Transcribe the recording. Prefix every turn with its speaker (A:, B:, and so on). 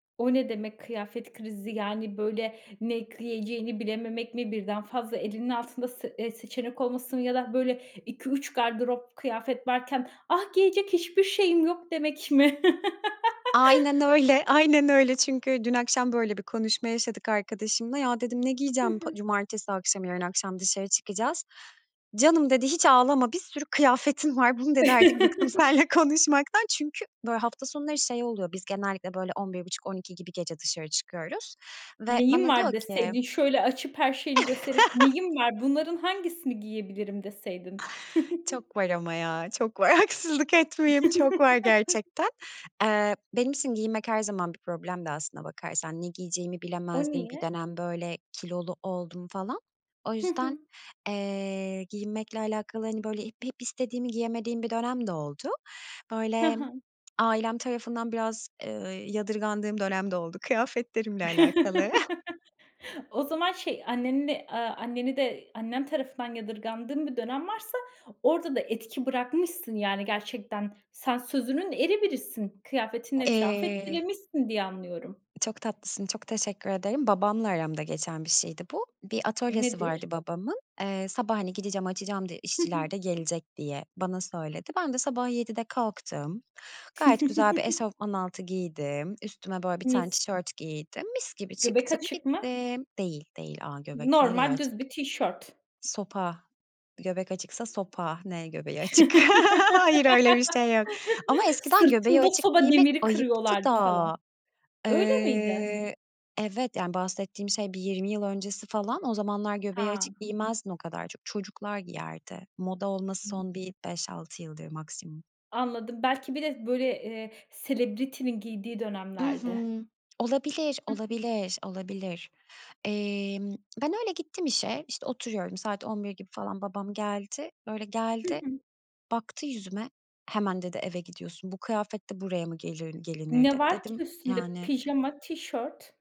A: O ne demek, kıyafet krizi? Yani, böyle, ne giyeceğini bilememek mi, birden fazla elinin altında sı eee, seçenek olması mı ya da, böyle, 2-3 gardırop kıyafet varken, "Ah, giyecek hiçbir şeyim yok!" demek mi?
B: Aynen öyle, aynen öyle. Çünkü dün akşam böyle bir konuşma yaşadık arkadaşımla. "Ya!" dedim. "Ne
A: Hı
B: giyeceğim, Pa
A: hı.
B: cumartesi akşamı?" Yarın akşam dışarı çıkacağız. "Canım." dedi. "Hiç ağlama, bir sürü kıyafetin var." "Bunu" dedi, "Artık bıktım seninle konuşmaktan." Çünkü, böyle, hafta sonları şey oluyor, biz genellikle, böyle, 23.30-00.00 gibi gece dışarı çıkıyoruz ve
A: "Neyim
B: bana
A: var?"
B: diyor ki
A: deseydin, şöyle açıp her şeyini gösterip, "Neyim var, bunların hangisini giyebilirim?" deseydin.
B: Çok var ama ya, çok var! Haksızlık etmeyeyim, çok var gerçekten. Eee, benim için giyinmek her zaman bir problemdi aslına bakarsan. Ne giyeceğimi
A: O
B: bilemezdim, bir
A: niye?
B: dönem, böyle, kilolu oldum falan. O
A: Hı
B: yüzden,
A: hı.
B: eee, giyinmekle alakalı, hani, böyle, hep hep istediğimi giyemediğim bir dönem de oldu.
A: He
B: Böyle,
A: he.
B: ailem tarafından biraz, ııı, yadırgandığım dönem de oldu kıyafetlerimle alakalı.
A: O zaman şey, anneni de, aaa, anneni de Annen tarafından yadırgandığın bir dönem varsa orada da etki bırakmışsın yani gerçekten. Sen sözünün eri birisin,
B: A
A: kıyafetinle etrafı
B: eee
A: etkilemişsin diye anlıyorum.
B: Çok tatlısın, çok teşekkür ederim. Babamla aramda geçen bir şeydi bu. Bir atölyesi
A: Nedir?
B: vardı babamın. Eee, sabah, hani, gideceğim açacağım, de
A: Hı hı.
B: işçiler de gelecek, diye bana söyledi. Ben de sabah 07.00'de kalktım, gayet güzel bir eşofman altı giydim, üstüme, böyle, 1 tane
A: Mis!
B: tişört giydim, mis gibi
A: Göbek
B: çıktım,
A: açık mı?
B: gittim. Değil, değil! A, göbek nereye
A: Normal
B: açık?
A: düz bir tişört.
B: Sopa, göbek açıksa sopa. Ne göbeği açık? Hayır, öyle bir şey yok ama eskiden göbeği
A: "Sırtımda
B: açık
A: soba
B: giymek
A: demiri
B: ayıptı
A: kırıyorlardı."
B: da!
A: falan. Öyle miydi?
B: Eee. Evet, yani bahsettiğim şey bir 20 yıl öncesi falan. O zamanlar göbeği
A: Ha!
B: açık giymezdin o kadar çok. Çocuklar giyerdi. Moda olması
A: [unintelligible]
B: son bir 5-6 yıldır maksimum.
A: Anladım. Belki bir de, böyle, eee, celebrity'nin giydiği
B: I
A: dönemlerdi.
B: hı! Olabilir,
A: Hı hı.
B: olabilir, olabilir! Emm, ben öyle gittim işe, işte oturuyorum saat 11.00 gibi falan. Babam geldi. Böyle,
A: Hı
B: geldi,
A: hı.
B: baktı yüzüme. "Hemen." dedi. "Eve gidiyorsun, bu kıyafetle buraya mı gelirin gelinir?"
A: Ne
B: dedi.
A: var ki
B: Dedim,
A: üstünde?
B: yani
A: Pijama, tişört.